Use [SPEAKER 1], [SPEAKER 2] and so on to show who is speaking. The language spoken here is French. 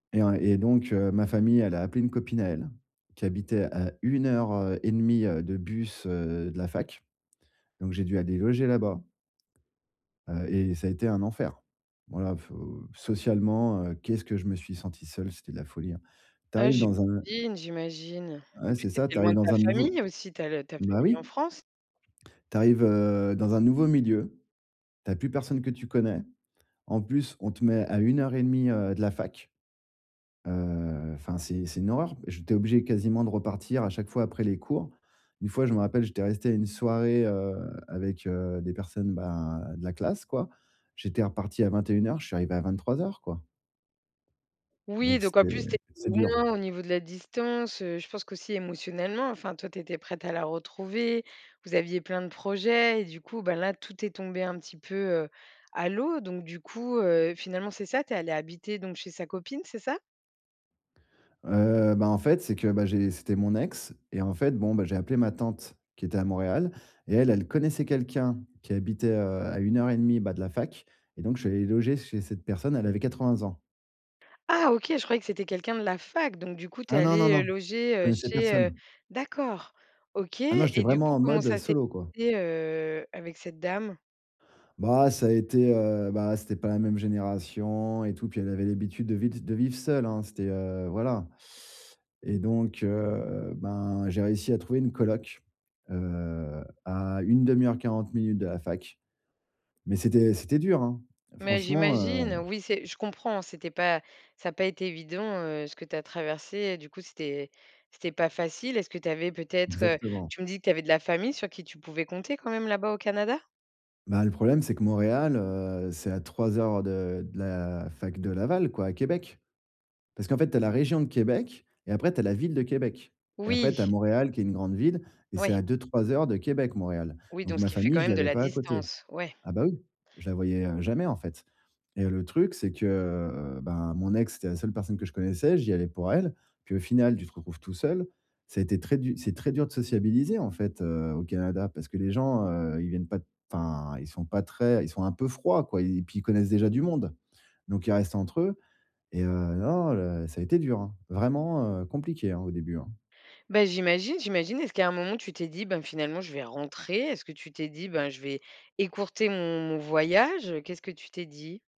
[SPEAKER 1] Et en et donc, heu, ma famille, elle a appelé une copine à elle, qui habitait à 1 heure, heu, et demie, heu, de bus, heu, de la fac. Donc, j'ai dû aller loger là-bas. Heu et ça a été un enfer. Voilà faut socialement, heu, qu'est-ce que je me suis senti seul, c'était de la folie, hein. Tu
[SPEAKER 2] Heu,
[SPEAKER 1] arrives
[SPEAKER 2] je
[SPEAKER 1] dans un
[SPEAKER 2] ine, j'imagine. En
[SPEAKER 1] ouais,
[SPEAKER 2] plus,
[SPEAKER 1] c'est
[SPEAKER 2] tu
[SPEAKER 1] ça.
[SPEAKER 2] étais
[SPEAKER 1] Tu
[SPEAKER 2] loin
[SPEAKER 1] arrives
[SPEAKER 2] de
[SPEAKER 1] dans
[SPEAKER 2] ta
[SPEAKER 1] un nouveau
[SPEAKER 2] famille aussi, ta le ta
[SPEAKER 1] bah
[SPEAKER 2] famille en
[SPEAKER 1] oui!
[SPEAKER 2] France.
[SPEAKER 1] Tu arrives, heu, dans un nouveau milieu. Tu as plus personne que tu connais, en plus, on te met à 1 heure et demie, heu, de la fac, heu, enfin, c'est c'est une horreur. J'étais obligé, quasiment, de repartir à chaque fois après les cours. Une fois, je me rappelle, j'étais resté à une soirée, heu, avec, heu, des personnes, ben, de la classe, quoi. J'étais reparti à 21:00. Je suis arrivé à 23:00 quoi.
[SPEAKER 2] Oui,
[SPEAKER 1] Donc,
[SPEAKER 2] donc, en
[SPEAKER 1] c'était
[SPEAKER 2] plus, tu étais
[SPEAKER 1] c'est dur.
[SPEAKER 2] loin au niveau de la distance, heu, je pense qu'aussi émotionnellement, enfin, toi, tu étais prêt à la retrouver. Vous aviez plein de projets et du coup, bah, là, tout est tombé un petit peu, heu, à l'eau. Donc, du coup, heu, finalement, c'est ça, tu es allé habiter donc chez sa copine, c'est ça?
[SPEAKER 1] Heu, bah, en fait, c'est que, bah, j'ai c'était mon ex et en fait, bon, bah, j'ai appelé ma tante qui était à Montréal et elle, elle connaissait quelqu'un qui habitait, heu, à 1 heure et demie, bah, de la fac et donc, je suis allé loger chez cette personne. Elle avait 80 ans.
[SPEAKER 2] Ah OK. Je croyais que c'était quelqu'un de la fac. Donc, du coup, tu es
[SPEAKER 1] Ah non, non,
[SPEAKER 2] allé, heu,
[SPEAKER 1] non!
[SPEAKER 2] loger,
[SPEAKER 1] Je
[SPEAKER 2] heu,
[SPEAKER 1] connaissais
[SPEAKER 2] chez heu,
[SPEAKER 1] personne.
[SPEAKER 2] d'accord! OK
[SPEAKER 1] Ah non. J'étais
[SPEAKER 2] et du
[SPEAKER 1] vraiment
[SPEAKER 2] coup,
[SPEAKER 1] en
[SPEAKER 2] comment
[SPEAKER 1] mode, heu,
[SPEAKER 2] ça s'est
[SPEAKER 1] solo, quoi.
[SPEAKER 2] et heu, avec cette dame?
[SPEAKER 1] Bah, ça a été, heu, bah, c'était pas la même génération et tout. Puis, elle avait l'habitude de vid de vivre seule, hein. C'était, heu, voilà et donc, heu, ben, j'ai réussi à trouver une coloc, heu, à 1/2 heure-40 minutes de la fac mais c'était c'était dur, hein.
[SPEAKER 2] Mais
[SPEAKER 1] Franchement,
[SPEAKER 2] j'imagine,
[SPEAKER 1] heu
[SPEAKER 2] oui, c'est je comprends, c'était pas ça a pas été évident, heu, ce que tu as traversé et du coup, c'était c'était pas facile. Est-ce que tu avais peut-être, heu,
[SPEAKER 1] Exactement.
[SPEAKER 2] tu me dis que tu avais de la famille sur qui tu pouvais compter quand même, là-bas, au Canada?
[SPEAKER 1] Bah, le problème, c'est que Montréal, heu, c'est à 3 heures de de la fac de Laval, quoi, à Québec. Parce qu'en fait, tu as la région de Québec et après, tu as la ville de Québec et après,
[SPEAKER 2] Oui!
[SPEAKER 1] tu as Montréal, qui est une grande ville et c'est
[SPEAKER 2] Ouais.
[SPEAKER 1] à 2-3 heures de Québec, Montréal.
[SPEAKER 2] Oui.
[SPEAKER 1] Donc,
[SPEAKER 2] Donc ce
[SPEAKER 1] ma
[SPEAKER 2] qui fait
[SPEAKER 1] famille,
[SPEAKER 2] quand
[SPEAKER 1] je
[SPEAKER 2] même de
[SPEAKER 1] l'avais
[SPEAKER 2] la
[SPEAKER 1] pas à côté.
[SPEAKER 2] distance. Ouais.
[SPEAKER 1] Ah bah, oui. Je la voyais, heu, jamais, en fait et le truc, c'est que, heu, ben, mon ex, c'était la seule personne que je connaissais. J'y allais pour elle, puis, au final, tu te retrouves tout seul. Ça a été très du c'est très dur de sociabiliser, en fait, heu, au Canada. Parce que les gens, heu, ils viennent pas t enfin, ils sont pas très ils sont un peu froids, quoi et puis, ils connaissent déjà du monde. Donc, ils restent entre eux et heu, non, non, le ça a été dur, hein, vraiment, heu, compliqué, hein, au début, hein.
[SPEAKER 2] Bah, j'imagine, j'imagine. Est-ce qu'à un moment, tu t'es dit: «Ben, finalement, je vais rentrer»? Est-ce que tu t'es dit «ben, je vais écourter mon mon voyage»? Qu'est-ce que tu t'es dit?